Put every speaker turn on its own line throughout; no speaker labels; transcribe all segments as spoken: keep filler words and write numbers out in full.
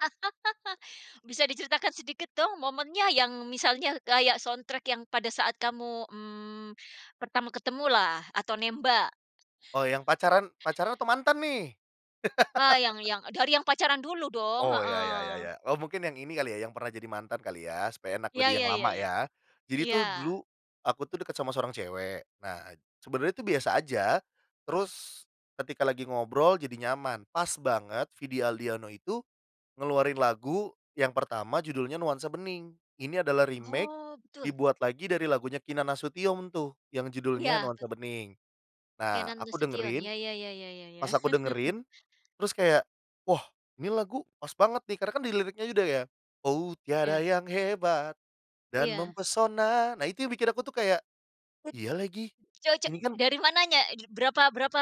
Bisa diceritakan sedikit dong momennya yang misalnya kayak soundtrack yang pada saat kamu, mmm, pertama ketemulah atau nembak.
Oh yang pacaran pacaran atau mantan nih?
A yang yang dari yang pacaran dulu dong,
Oh ya ya ya
heeh.
ya oh mungkin yang ini kali ya yang pernah jadi mantan kali ya supaya enak
Iya
lebih yang
iya iya
lama
iya,
ya, jadi
iya.
tuh dulu, aku tuh deket sama seorang cewek nah sebenarnya tuh biasa aja, terus, ketika lagi ngobrol jadi nyaman pas banget Vidi Aldiano itu, ngeluarin lagu yang pertama judulnya nuansa bening ini adalah remake,
Oh betul.
dibuat lagi dari lagunya Kinan Nasution tuh yang judulnya
Iya bet
nuansa bening, nah
Kenan
aku
Nasution
dengerin,
ya ya ya ya ya ya.
pas aku dengerin, terus kayak wah ini lagu pas banget nih karena kan diliriknya juga ya, oh tiada
Ya.
yang hebat, dan
Iya.
mempesona nah itu yang bikin aku tuh kayak, iya lagi
Coco
ini kan
dari mananya? Berapa berapa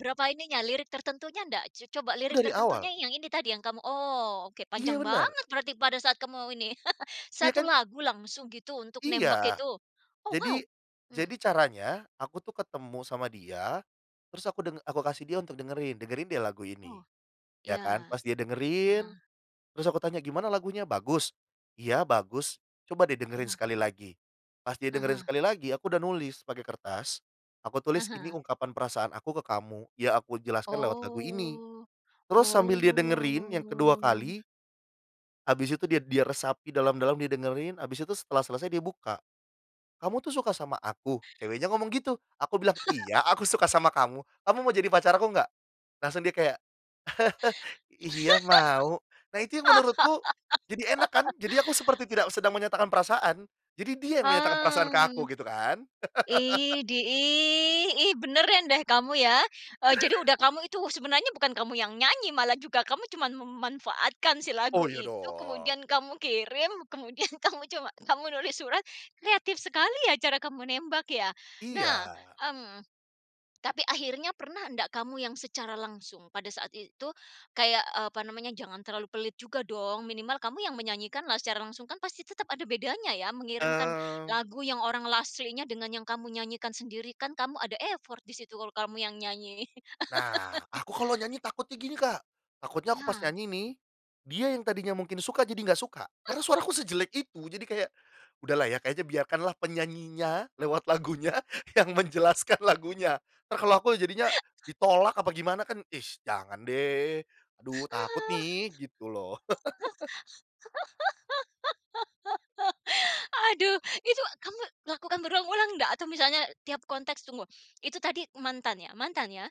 berapa ininya lirik tertentunya nggak coba lirik
Dari awal.
tertentunya yang ini tadi yang kamu oh oke
Iya
panjang
benar.
banget berarti pada saat kamu mau ini
Iya
satu
kan?
lagu langsung gitu untuk nembak
Iya,
itu? Oh wow,
jadi,
mmm.
jadi caranya aku tuh ketemu sama dia, terus aku deng aku kasih dia untuk dengerin dengerin deh lagu ini,
Oh,
ya
iya,
kan pas dia
ah
dengerin,
hah.
terus aku tanya, "Gimana lagunya bagus? "Iya bagus," "coba deh dengerin sekali lagi," pas dia
Ah
dengerin
hah.
sekali lagi aku udah nulis pakai kertas, aku
Ah
tulis ini
hah.
ungkapan perasaan aku ke kamu ya aku jelaskan lewat lagu ini,
Oh
terus sambil dia dengerin yang kedua
oh.
kali. Habis itu dia dia resapi dalam-dalam dia dengerin habis itu setelah selesai dia buka, "Kamu tuh suka sama aku?" Ceweknya ngomong gitu aku bilang, "iya aku suka sama kamu kamu mau jadi pacar aku enggak?" Langsung dia kayak, "iya mau" nah itu yang menurutku jadi enak kan jadi aku seperti tidak sedang menyatakan perasaan jadi dia yang menyatakan perasaan ke
Mmm,
aku gitu kan.
idih, ih ih, beneran deh kamu ya, eee, jadi udah kamu itu sebenarnya bukan kamu yang nyanyi malah juga kamu cuman memanfaatkan si lagu
Oh iya
itu
dong.
kemudian kamu kirim kemudian kamu cuma kamu nulis surat kreatif sekali ya cara kamu nembak ya nah,
Iya.
mmm, tapi akhirnya pernah nggak kamu yang secara langsung pada saat itu kayak, eee, apa namanya jangan terlalu pelit juga dong minimal kamu yang menyanyikanlah secara langsung kan pasti tetap ada bedanya ya mengirimkan
Eee.
lagu yang orang aslinya dengan yang kamu nyanyikan sendiri kan kamu ada effort di situ kalau kamu yang nyanyi.
Nah aku kalau nyanyi takutnya gini Kak, takutnya aku pas
Nah.
nyanyi nih, dia yang tadinya mungkin suka jadi gak suka karena suaraku sejelek itu jadi kayak, udahlah ya kayaknya biarkanlah penyanyinya lewat lagunya yang menjelaskan lagunya entar kalau aku jadinya ditolak apa gimana kan, ih, jangan deh, aduh takut nih gitu loh.
Aduh itu kamu lakukan berulang-ulang nggak atau misalnya tiap konteks tunggu itu tadi mantan ya mantan ya?